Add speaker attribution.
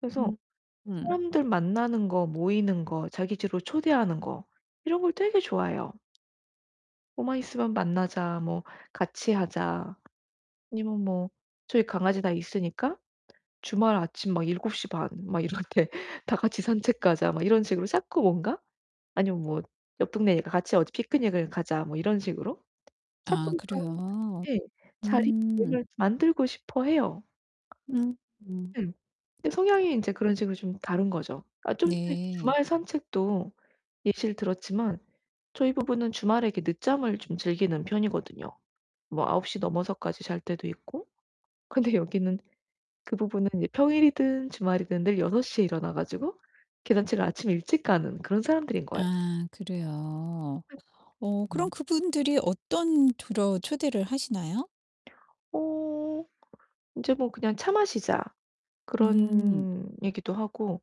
Speaker 1: 그래서
Speaker 2: 음 음.
Speaker 1: 사람들 만나는 거 모이는 거 자기 집으로 초대하는 거 이런 걸 되게 좋아해요. 뭐만 있으면 "만나자." 뭐 "같이 하자." 아니면 뭐 저희 강아지가 있으니까 주말 아침 막 7:30 막 이럴 때 "다 같이 산책 가자." 막 이런 식으로 자꾸 뭔가 아니면 뭐 옆 동네니까 같이 어디 "피크닉을 가자." 뭐 이런 식으로 자꾸
Speaker 2: 아
Speaker 1: 그러니까
Speaker 2: 그래요?
Speaker 1: 예
Speaker 2: 음.
Speaker 1: 자리를 만들고 싶어해요.
Speaker 2: 음.
Speaker 1: 응. 근데 성향이 이제 그런 식으로 좀 다른 거죠. 아 좀 전에
Speaker 2: 네.
Speaker 1: 주말 산책도 예시를 들었지만 저희 부부는 주말에 이렇게 늦잠을 좀 즐기는 편이거든요 뭐 9시 넘어서까지 잘 때도 있고. 근데 여기는 그 부부는 이제 평일이든 주말이든 늘 6시에 일어나 가지고 개산책을 아침에 일찍 가는 그런 사람들인 거예요.
Speaker 2: 아 그래요. 어 그럼
Speaker 1: 음.
Speaker 2: 그분들이 어떤 주로 초대를 하시나요?
Speaker 1: 어 이제 뭐 그냥 "차 마시자."
Speaker 2: 음.
Speaker 1: 그런 얘기도 하고